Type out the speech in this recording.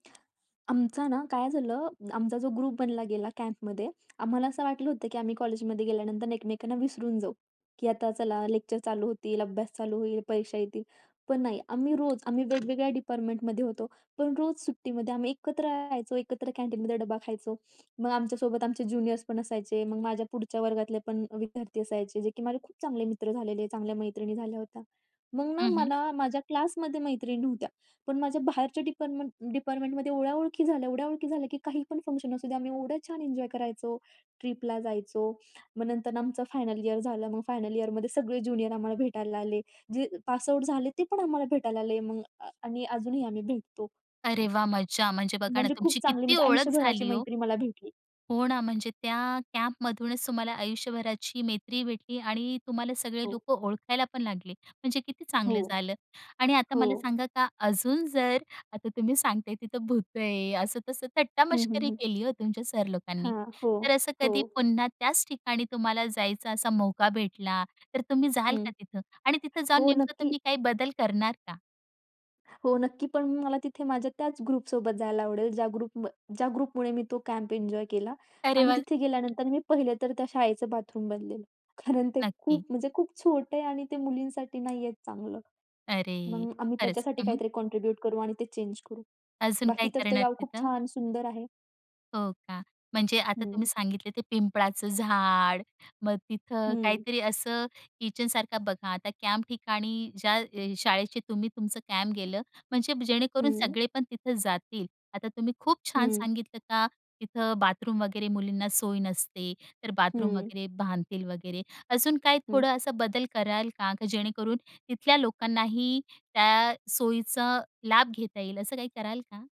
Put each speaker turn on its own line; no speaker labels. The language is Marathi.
आमचा ना. काय झालं, आमचा जो ग्रुप बनला गेला कॅम्पमध्ये आम्हाला असं वाटलं होतं की आम्ही कॉलेजमध्ये गेल्यानंतर एकमेकांना विसरून जाऊ, की आता चला लेक्चर चालू होतील, अभ्यास चालू होईल, परीक्षा येतील. पण नाही, आम्ही रोज आम्ही वेगवेगळ्या डिपार्टमेंटमध्ये होतो, पण रोज सुट्टीमध्ये आम्ही एकत्र राहायचो, एकत्र कॅन्टीनमध्ये डबा खायचो. मग आमच्या सोबत आमचे ज्युनियर्स पण असायचे, मग माझ्या पुढच्या वर्गातले पण विद्यार्थी असायचे, जे की माझे खूप चांगले मित्र झालेले, चांगल्या मैत्रिणी झाल्या होत्या. मग ना
हं, हं.
मला माझ्या क्लासमध्ये मैत्रिणी नव्हत्या, पण माझ्या बाहेरच्या डिपार्टमेंट डिपार्टमेंटमध्ये एवढ्या ओळखी झाल्या, एवढ्या ओळखी झाल्या की काही पण फंक्शन असू द्या आम्ही एवढ्या छान एन्जॉय करायचो, ट्रिपला जायचो. मग नंतर आमचं फायनल इयर झालं, मग फायनल इयरमध्ये सगळे ज्युनियर आम्हाला भेटायला आले, जे पास आऊट झाले, ते पण आम्हाला भेटायला आले मग अ, आणि अजूनही आम्ही भेटतो.
अरे वाह! मजा म्हणजे बघा ना,
म्हणजे खूप
तुमची
चांगली
किती
म्हणजे
ओळख
आयुष्यभराची
झाली हो.
मैत्री मला भेटली.
हो ना, म्हणजे त्या कॅम्पमधूनच तुम्हाला आयुष्यभराची मैत्री भेटली आणि तुम्हाला सगळे
हो.
लोकं ओळखायला पण लागले, म्हणजे किती
हो.
चांगलं झालं. आणि आता
हो.
मला सांगा का, अजून जर आता तुम्ही सांगताय तिथं भूतं आहे, असं तसं
हं, हं,
थट्टामस्करी
हं.
केली हो तुमच्या सर लोकांनी.
हां, हो,
तर असं
हो.
कधी पुन्हा त्याच ठिकाणी तुम्हाला जायचं असा मौका भेटला, तर तुम्ही जाल
हं.
का तिथं आणि तिथं जाऊन
हो,
नेमकं
नक्की.
तुम्ही काय बदल करणार का?
हो नक्की, पण मला तिथे माझ्या त्याच ग्रुपसोबत जायला आवडेल, ज्या ग्रुप ज्या ग्रुपमुळे मी तो कॅम्प एन्जॉय केला.
अरे
आणि
वा!
तिथे गेल्यानंतर मी पहिलं तर त्या शाळेचं बाथरूम बदलेल, कारण ते
नक्की.
खूप म्हणजे खूप छोटं आहे आणि ते मुलींसाठी नाहीये चांगलं.
अरे!
मग आम्ही
खरंच,
त्याच्यासाठी
हं.
काहीतरी कॉन्ट्रिब्यूट करू आणि ते चेंज करू.
अजून
बाकी
काय
तर ते
करणार
गाव खूप
तिथं?
छान सुंदर आहे.
हो का, म्हणजे आता तुम्ही
हं.
सांगितले ते पिंपळाचं झाड, मग तिथं
हं.
काहीतरी असं किचन सारखं बघा, आता कॅम्प ठिकाणी ज्या अ, शाळेचे तुम्ही तुमचं कॅम्प गेलं म्हणजे जेणेकरून
हं.
सगळे पण तिथं जातील. आता तुम्ही खूप छान
हं.
सांगितलं का, तिथं बाथरूम वगैरे मुलींना सोय नसते, तर बाथरूम
हं.
वगैरे बांधतील वगैरे, अजून काही
हं.
थोडं असा बदल कराल का? का जेणेकरून, तिथल्या लोकांनाही त्या सोयीचा लाभ घेता येईल, असं काही कराल का?